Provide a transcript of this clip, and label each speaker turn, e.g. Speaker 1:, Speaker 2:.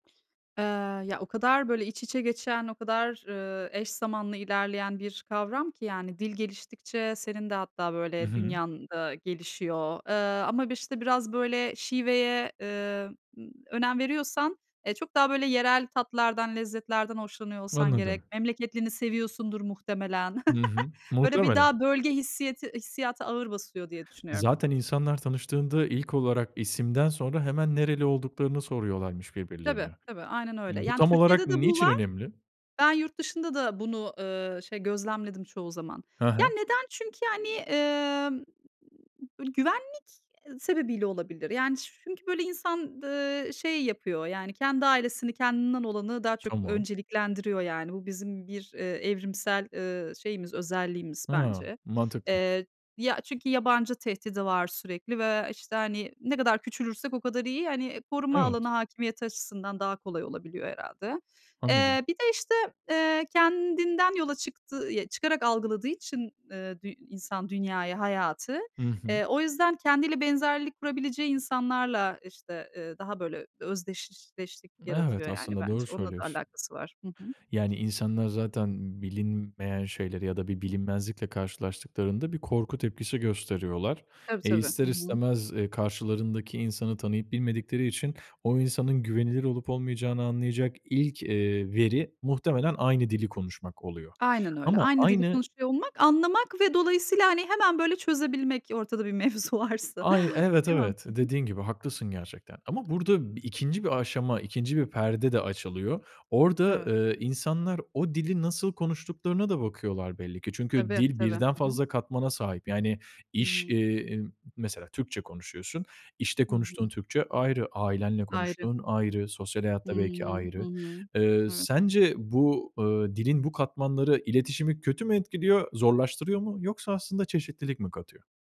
Speaker 1: Eee, ya o kadar böyle iç içe geçen, o kadar, ııı, eş zamanlı ilerleyen bir kavram ki yani dil geliştikçe senin de hatta
Speaker 2: Hı
Speaker 1: böyle
Speaker 2: hı.
Speaker 1: dünyan da gelişiyor. Iıı, ama bir işte biraz böyle şiveye, ııı, önem veriyorsan, eee, çok daha böyle yerel tatlardan, lezzetlerden hoşlanıyor olsan gerek.
Speaker 2: Anladım.
Speaker 1: Memleketlini seviyorsundur muhtemelen.
Speaker 2: Hı hı.
Speaker 1: Böyle bir
Speaker 2: Muhtemelen.
Speaker 1: daha bölge hissiyeti hissiyatı ağır basıyor diye düşünüyorum.
Speaker 2: Zaten insanlar tanıştığında ilk olarak isimden sonra hemen nereli olduklarını soruyorlarmış
Speaker 1: Tabii,
Speaker 2: birbirlerine.
Speaker 1: tabii aynen öyle.
Speaker 2: Bu
Speaker 1: Yani
Speaker 2: tam olarak
Speaker 1: Türkiye'de de bu
Speaker 2: niçin
Speaker 1: var.
Speaker 2: önemli?
Speaker 1: Ben yurt dışında da bunu, ııı, şey gözlemledim çoğu zaman.
Speaker 2: Hı
Speaker 1: Ya
Speaker 2: hı.
Speaker 1: neden? Çünkü yani, ımm, böyle güvenlik sebebiyle olabilir. Yani ç çünkü böyle insan, ııı, şey yapıyor, yani kendi ailesini, kendinden olanı daha çok
Speaker 2: Tamam.
Speaker 1: önceliklendiriyor. Yani bu bizim bir, eee, evrimsel, ııı, şeyimiz, özelliğimiz
Speaker 2: Hıı,
Speaker 1: bence.
Speaker 2: mantıklı.
Speaker 1: Eee, ya çünkü yabancı tehdidi var sürekli ve işte hani ne kadar küçülürsek o kadar iyi. Hani koruma alanı
Speaker 2: Evet.
Speaker 1: hakimiyeti açısından daha kolay olabiliyor herhâlde.
Speaker 2: Anladım.
Speaker 1: Eee, bir de işte, eee, kendinden yola çıktı ya çıkarak algıladığı için, ııı, dü insan dünyayı, hayatı,
Speaker 2: Hı hı.
Speaker 1: eee, o yüzden kendiyle benzerlik kurabileceği insanlarla işte, ııı, daha böyle özdeşleşlik
Speaker 2: Evet
Speaker 1: yaratıyor yani
Speaker 2: aslında doğru
Speaker 1: bence. Onunla da
Speaker 2: söylüyorsun.
Speaker 1: alakası var. Hı hı.
Speaker 2: Yani insanlar zaten bilinmeyen şeyleri ya da bir bilinmezlikle karşılaştıklarında bir korku tepkisi gösteriyorlar.
Speaker 1: Tabii
Speaker 2: E,
Speaker 1: tabii. Hı
Speaker 2: ister
Speaker 1: hı.
Speaker 2: istemez, ııı, karşılarındaki insanı tanıyıp bilmedikleri için o insanın güvenilir olup olmayacağını anlayacak ilk, eee, veri muhtemelen aynı dili konuşmak oluyor
Speaker 1: Aynen öyle.
Speaker 2: ama
Speaker 1: Aynı dili
Speaker 2: aynı
Speaker 1: konuşuyor olmak, anlamak ve dolayısıyla hani hemen böyle çözebilmek ortada bir mevzu varsa.
Speaker 2: Aynı evet,
Speaker 1: Değil mi?
Speaker 2: evet
Speaker 1: Hı hı.
Speaker 2: dediğin gibi haklısın gerçekten ama burada 2'nci bir aşama 2'nci bir perde de açılıyor. Orada,
Speaker 1: Evet.
Speaker 2: eee, insanlar o dili nasıl konuştuklarına da bakıyorlar belli ki. Çünkü
Speaker 1: Tabii,
Speaker 2: dil
Speaker 1: tabii.
Speaker 2: birden
Speaker 1: Hı hı.
Speaker 2: fazla katmana sahip. Yani iş,
Speaker 1: Hıı.
Speaker 2: iii, mesela Türkçe konuşuyorsun, işte
Speaker 1: Hı
Speaker 2: konuştuğun
Speaker 1: hı.
Speaker 2: Türkçe ayrı, ailenle
Speaker 1: Ayrı.
Speaker 2: konuştuğun ayrı, sosyal hayat
Speaker 1: Hıı.
Speaker 2: da belki
Speaker 1: Hı
Speaker 2: ayrı.
Speaker 1: hı.
Speaker 2: Eee
Speaker 1: Evet.
Speaker 2: sence bu, ııı, dilin bu katmanları iletişimi kötü mü etkiliyor, zorlaştırıyor mu yoksa aslında çeşitlilik mi katıyor?